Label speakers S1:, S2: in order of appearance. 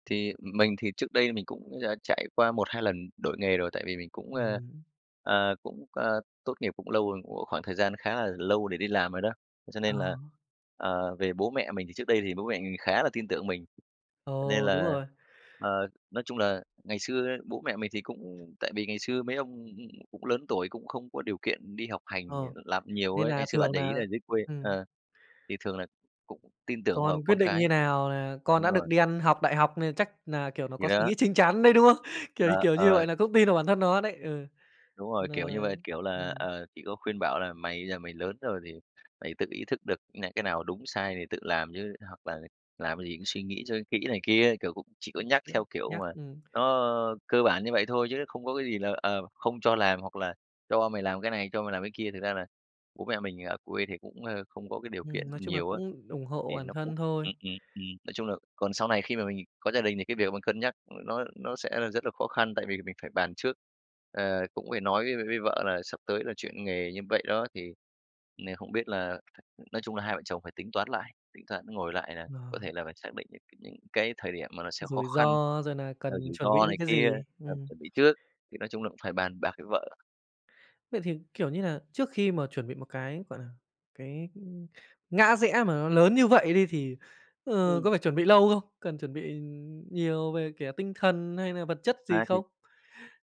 S1: Thì mình thì trước đây mình cũng dã trải qua 1-2 lần đổi nghề rồi, tại vì mình cũng,
S2: Ừm
S1: ơ,
S2: hứm.
S1: à, cũng, c tốt nghiệp cũng lâu rồi, cũng có khoảng thời gian khá là lâu để đi làm rồi đó, thế cho
S2: Ờ.
S1: nên là, ờ, về bố mẹ mình thì trước đây thì bố mẹ mình khá là tin tưởng mình. Cho nên
S2: Ồ! Đúng
S1: là,
S2: rồi.
S1: ờ, nói chung là ngày xưa bố mẹ mình thì cũng tại vì ngày xưa mấy ông cũng lớn tuổi cũng không có điều kiện đi học hành,
S2: Ờ.
S1: ờ, làm nhiều
S2: Nên
S1: ấy,
S2: nà
S1: ngày xưa bạn
S2: thường
S1: để ý
S2: nà
S1: là dưới quê,
S2: ừm.
S1: ờ, thì thường là cũng tin tưởng
S2: Còn
S1: vào
S2: quyết
S1: con
S2: định
S1: cái.
S2: như nào là con
S1: Đúng
S2: đã được
S1: rồi.
S2: đi ăn học đại học nên chắc nà, kiểu, nó
S1: Thì
S2: có suy
S1: đó.
S2: nghĩ chín chắn đấy, đúng không? Kiểu
S1: Ờ,
S2: kiểu như
S1: ờ.
S2: vậy, là cũng tin vào bản thân nó đấy. Ừ,
S1: Đúng
S2: thì
S1: rồi,
S2: nà
S1: kiểu như vậy, kiểu là,
S2: ừm
S1: ờ, chỉ có khuyên bảo là "Mày bây giờ mày lớn rồi thì mày tự ý thức được này, cái nào đúng sai thì tự làm chứ, hoặc là làm cái gì cũng suy nghĩ cho kỹ" này kia, kiểu, cũng chỉ có nhắc, theo
S2: [unintelligible]
S1: kiểu
S2: nhắc,
S1: mà,
S2: ưm
S1: nó cơ bản như vậy thôi chứ nó không có cái gì là, ờ, không cho làm hoặc là cho mày làm cái này, cho mày làm cái kia. Thực ra là bố mẹ mình ở quê thì cũng, ơ, không có cái điều kiện
S2: Ừm, nói chung là
S1: nhiều á,
S2: cũng ủng hộ
S1: thì
S2: bản
S1: nó cũng
S2: thân thôi.
S1: ừm, ừm, ừm. Nói chung là còn sau này khi mà mình có gia đình thì cái việc mình cân nhắc nó nó sẽ là rất là khó khăn, tại vì mình phải bàn trước, ờ, cũng phải nói với với với vợ là sắp tới là chuyển nghề như vậy đó, thì n không biết là nói chung là hai vợ chồng phải tính toán lại, tính toán ngồi lại là có
S2: Ờ.
S1: thể là phải xác định được cái những cái thời điểm mà nó sẽ khó
S2: Rủi
S1: khăn,
S2: ro, rồi nà
S1: rồi
S2: cần
S1: rủi
S2: chuẩn bị
S1: ro này
S2: những cái
S1: kia
S2: gì,
S1: cần
S2: ừm.
S1: chuẩn bị trước, thì nói chung là cũng phải bàn bạc với vợ.
S2: Vậy thì, kiểu như nà, trước khi mà chuẩn bị một cái, gọi là, cái, ưm, ngã rẽ mà nó lớn như vậy đi thì, ờ,
S1: Ừm.
S2: có phải chuẩn bị lâu không? Cần chuẩn bị nhiều về, kiểu, tinh thần hay là vật chất gì
S1: À, thì
S2: không?